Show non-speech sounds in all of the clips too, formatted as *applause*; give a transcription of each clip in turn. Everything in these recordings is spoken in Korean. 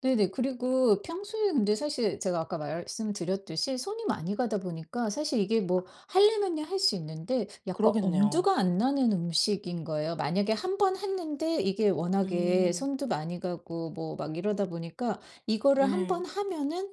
네네. 그리고 평소에 근데 사실 제가 아까 말씀드렸듯이 손이 많이 가다 보니까 사실 이게 아 뭐 하려면야 할 수 있는데 약간 그러겠네요. 엄두가 안 나는 음식인 거예요. 만약에 1 번 했는데 이게 워낙에 음. 손도 많이 가고 뭐 막 이러다 보니까 이거를 1 번 네. 하면은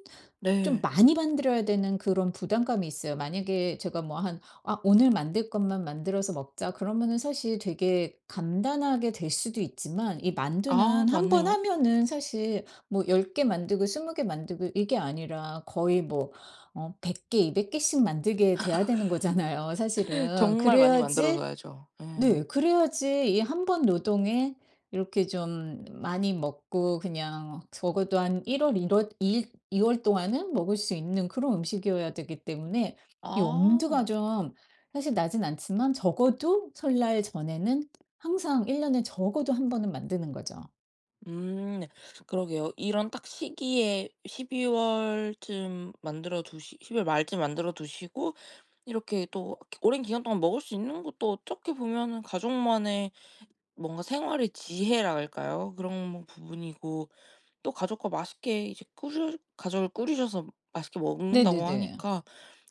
좀 네. 많이 만들어야 되는 그런 부담감이 있어요. 만약에 제가 뭐 한 '아 오늘 만들 것만 만들어서 먹자.' 그러면은 사실 되게 간단하게 될 수도 있지만 이 아. 만두는 1 번 맞네요. 하면은 사실 뭐 10 개 만들고 20 개 만들고 이게 아니라 거의 뭐 어 100 개, 200 개씩 만들게 돼야 되는 거잖아요 *laughs* 사실은. 정말 많이 만들어 그래야지 둬야죠. 네 예. 그래야지 이 1 번 노동에 이렇게 좀 많이 먹고 그냥 적어도 한 1 월, 1 월 이일 2 월 동안은 먹을 수 있는 그런 음식이어야 되기 때문에 이 엄두가 아. 좀 사실 나진 않지만 적어도 설날 전에는 항상 1 년에 적어도 1 번은 만드는 거죠. 음 그러게요. 이런 딱 시기에 12 월쯤 만들어 두시 12 월 말쯤 만들어 두시고 이렇게 또 오랜 기간동안 먹을 수 있는 것도 어떻게 보면은 가족만의 뭔가 생활의 지혜랄까요? 그런 부분이고 또 가족과 맛있게 이제 꾸주 가족을 꾸리셔서 맛있게 먹는다고 네네네. 하니까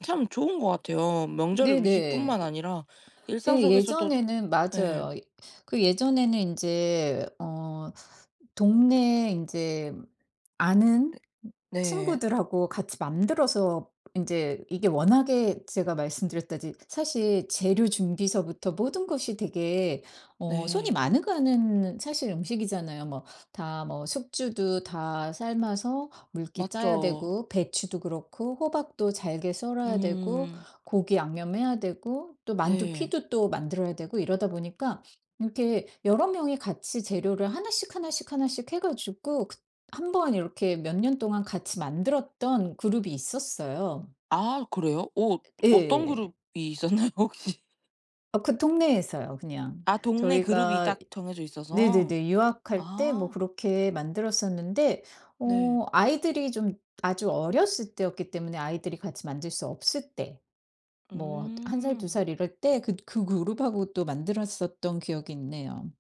참 좋은 것 같아요. 명절 네네. 음식뿐만 이 아니라 일상 예 속에서도 예전에는 네. 맞아요. 그 예전에는 인제 어 동네 인제 아는 네. 친구들하고 같이 만들어서 인제 이게 워낙에 제가 말씀드렸다드 사실 재료 준비서부터 모든 것이 되게 어 손이 네. 많이 가는 사실 음식이잖아요. 뭐 다 뭐 숙주도 다 삶아서 물기 짜야 맞죠. 되고 배추도 그렇고 호박도 잘게 썰어야 되고 음. 고기 양념해야 되고 또 만두 네. 피도 또 만들어야 되고 이러다 보니까 이렇게 여러 명이 같이 재료를 하나씩, 하나씩, 하나씩 해 가지고 그 한번 이렇게 몇 년 동안 같이 만들었던 그룹이 있었어요. 아 그래요? 어 어떤 예. 그룹이 있었나요? 혹시? 어 그 동네에서요 그냥. 아 동네 그룹이 저희가 딱 정해져 있어서. 네네네 유학할 때 뭐 아. 그렇게 만들었었는데 네. 어 아이들이 좀 아주 어렸을 때였기 때문에 아이들이 같이 만들 수 없을 때. 뭐 1 살, 2 음. 살 이럴 때 그 그 그룹하고 또 만들었었던 기억이 있네요.